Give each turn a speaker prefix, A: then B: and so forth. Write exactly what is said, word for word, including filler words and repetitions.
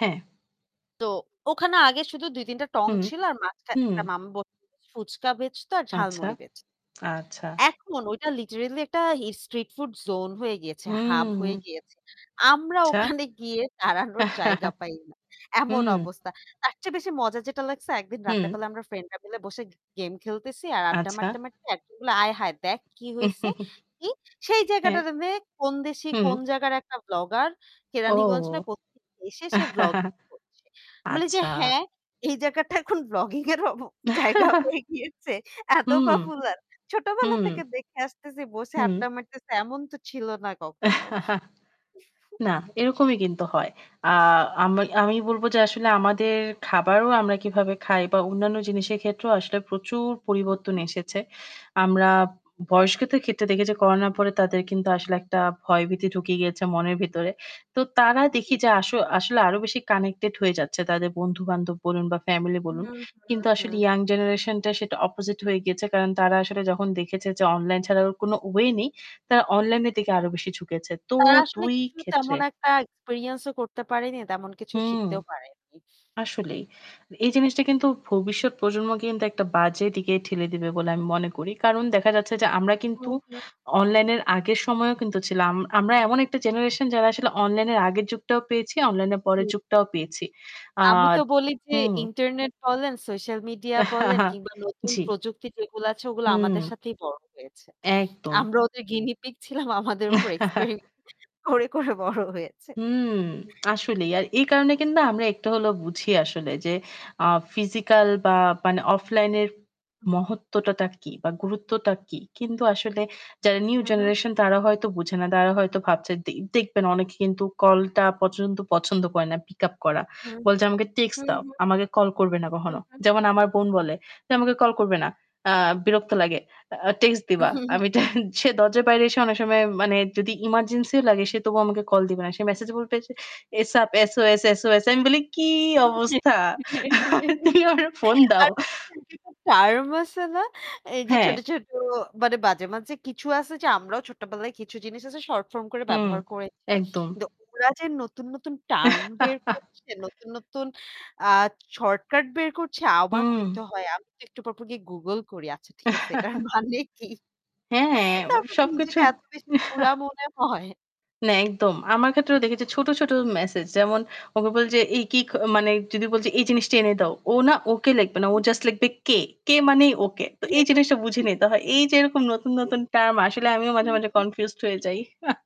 A: হ্যাঁ।
B: তো ওখানে আগে শুধু দুই-তিনটা টং
A: হুম,
B: ছিল আর মাঝখানে
A: হুম।
B: একটা মাম ব ফুচকা বেঁচতো আর
A: আচ্ছা,
B: ঝালমুড়ি বেঁচ
A: আচ্ছা।
B: এখন ঐটা লিটারেলি একটা স্ট্রিট ফুড জোন হয়ে গিয়েছে, হাব হয়ে
A: হুম।
B: গিয়েছে। আমরা
A: আচ্ছা।
B: ওখানে গিয়ে দাঁড়ানোর জায়গা পাই না। এমন
A: হুম।
B: অবস্থা। তারচেয়ে বেশি মজা যেটা লাগছে একদিন
A: হুম।
B: রাতের বেলা আমরা ফ্রেন্ডরা মিলে বসে গেম খেলতেছি আর আড্ডা
A: আচ্ছা।
B: মারতে, মারতে একজন বললো "আয় হায়! দেখ কি হইছে? কি?" সেই
A: হ্যাঁ,
B: জায়গাটারেরে কোন দেশি
A: হুম।
B: কোন জায়গার একটা ব্লগার। কেরানীগঞ্জ না
A: ওহ!
B: কোথেকে এসে, সে ব্লগিং করছে। বলি যে
A: আচ্ছা।
B: "হ্যাঁ? এই জায়গাটা এখন ব্লগিং এরও ব জায়গা হয়ে গিয়েছে! এত
A: হুম,
B: পপুলার! ছোটবেলা
A: হুম।
B: থেকে দেখে আসতেছি, বসে
A: হুম।
B: আড্ডা মারতেছি। এমন তো ছিল না কখনো।"
A: না এরকমি কিন্তু হয়। আ আমি আমি বলব যে আসলে আমাদের খাবারও আমরা কিভাবে খাই বা অন্যান্য জিনিসের ক্ষেত্রেও আসলে প্রচুর
B: হু,
A: পরিবর্তন
B: হু।
A: এসেছে। আমরা বয়স্কদের ক্ষেত্রে দেখি যে করোনার পরে তাদের কিন্তু আসলে একটা ভয়ভীতি ঢুকিয়ে গিয়েছে মনের ভিতরে। তো তারা
B: জি,
A: দেখি যে
B: জি।
A: আস আসলে আরো বেশি কানেক্টেড হয়ে যাচ্ছে। তাদের বন্ধু-বান্ধব বলুন বা ফ্যামিলি
B: হুম,
A: বলুন।
B: হুম,
A: কিন্তু আসলে
B: হুম।
A: ইয়াং জেনারেশনটা সেটা opposite হয়ে গিয়েছে। কারণ তারা আসলে যখন দেখেছে যে অনলাইন ছাড়া ওর কোন ওয়ে নে, ই তারা অনলাইনের দিকে আরও বেশি ঝুঁকেছে। তো
B: তারা আসলে
A: দুই
B: কিছু
A: ক্ষেত্রে
B: তেমন একটা experience ও করতে পারেনি। তেমন কিছু
A: হুম
B: শিখতেও পারেনি।
A: আসলেই। এই জিনিসটা কিন্তু ভবিষ্যৎ প্রজন্মকে কিন্তু একটা বাজে দিকে ঠেলে দিবে বলে আমি মনে করি। কারণ দেখা যাচ্ছে যে আমরা
B: হু,
A: কিন্তু
B: হু।
A: অনলাইন এর আগের সময়েও কিন্তু ছিলাম। আম আমরা এমন একটা জেনারেশন যারা আসলে অনলাইনের আগের যুগটাও পেয়েছি, অনলাইনে পরের
B: হুম।
A: যুগটাও পেয়েছি। আ
B: আমি তো বলি যে
A: হুম।
B: ইন্টারনেট বলেন, সোশ্যাল মিডিয়া বলেন কিংবা নতুন
A: জি।
B: প্রযুক্তি যেগুলো আছে ওগুলো
A: হুম।
B: আমাদের সাথেই বড় হয়েছে।
A: হুম। একদম।
B: আমরা ওদের গিনিপিগ ছিলাম আমাদের উপর এক্সপেরিমেন্ট করে, করে বড় হয়েছে।
A: হুম আসলেই। আর এই কারণে কিন্তু আমরা একটু হলেও বুঝি আসলে যে আ ফিজিক্যাল বা মানে অফলাইন এর মহত্বটাতা কী বা গুরুত্বটা কী? কিন্তু আসলে যারা নিউ
B: হুম, হুম।
A: জেনারেশন, তারা হয়তো বুঝে না। দারা হয়তো ভাবছে দে দেখবেন অনেকে কিন্তু কলটা পচন্দ পছন্দ করে না pick up করা।
B: হুম,
A: বলছে "আমাকে টেক্সট
B: হুম,
A: দাও।
B: হুম।
A: আমাকে কল করবে না
B: হু,
A: কখনো।"
B: হু।
A: যেমন আমার বোন বলে। যে "আমাকে কল করবে না। আ বিরক্ত লাগে। আ টেক্সট দিবা।" আমি টা সে দরজার বাইরে এসে অনেক সময় মানে যদি এমার্জেন্সিও লাগে সে তবুও আমাকে কল দিবে না। সে মেসেজ বলবে যে "a-sap, S-O-S, S-O-S" আমি বলি "কি অবস্থা? তুমি আমারে ফোন দাও।"
B: [unintelligible] টার্ম আছে না? এই যে ছোট,
A: হ্যাঁ।
B: ছোট মানে মাঝে, মাঝে কিছু আছে যে আমরাও ছোট্টবেলায় কিছু জিনিস আছে শর্ট ফর্ম করে
A: হুম,
B: ব্যবহার করেছি।
A: একদম।
B: কিন্তু ওরা যে নতুন, নতুন টার্ম বের করছে, নতুন, নতুন আ শর্টকার্ট বের করছে আওবাক
A: হুম।
B: হইতে হয়। আমি তো একটু পর, পর গিয়ে Google করি। আচ্ছা ঠিক আছে এটার মানে কি?
A: হ্যাঁ,
B: তারপর তো
A: সব
B: নিজেকে
A: কিছুর
B: এত বেশি বুড়া মনে হয়।
A: না একদম। আমার ক্ষেত্রেও দেখি যে ছোট, ছোট মেসেজ। যেমন ওকে বলি যে এ কি মানে যদি বলছি "এই জিনিসটা এনে দাও।" ও না ওকে লিখবে না। ও
B: [unintelligible]
A: জাস্ট লিখবে "কে" কে মানেই ওকে। তো এই জিনিসটা বুঝে
B: [unintelligible]
A: নিতে হয়। এই যে এরকম নতুন, নতুন
B: [unintelligible]
A: টার্ম আসলে আমিও
B: হু,
A: মাঝে, মাঝে
B: হু।
A: কনফিউজড হয়ে যাই।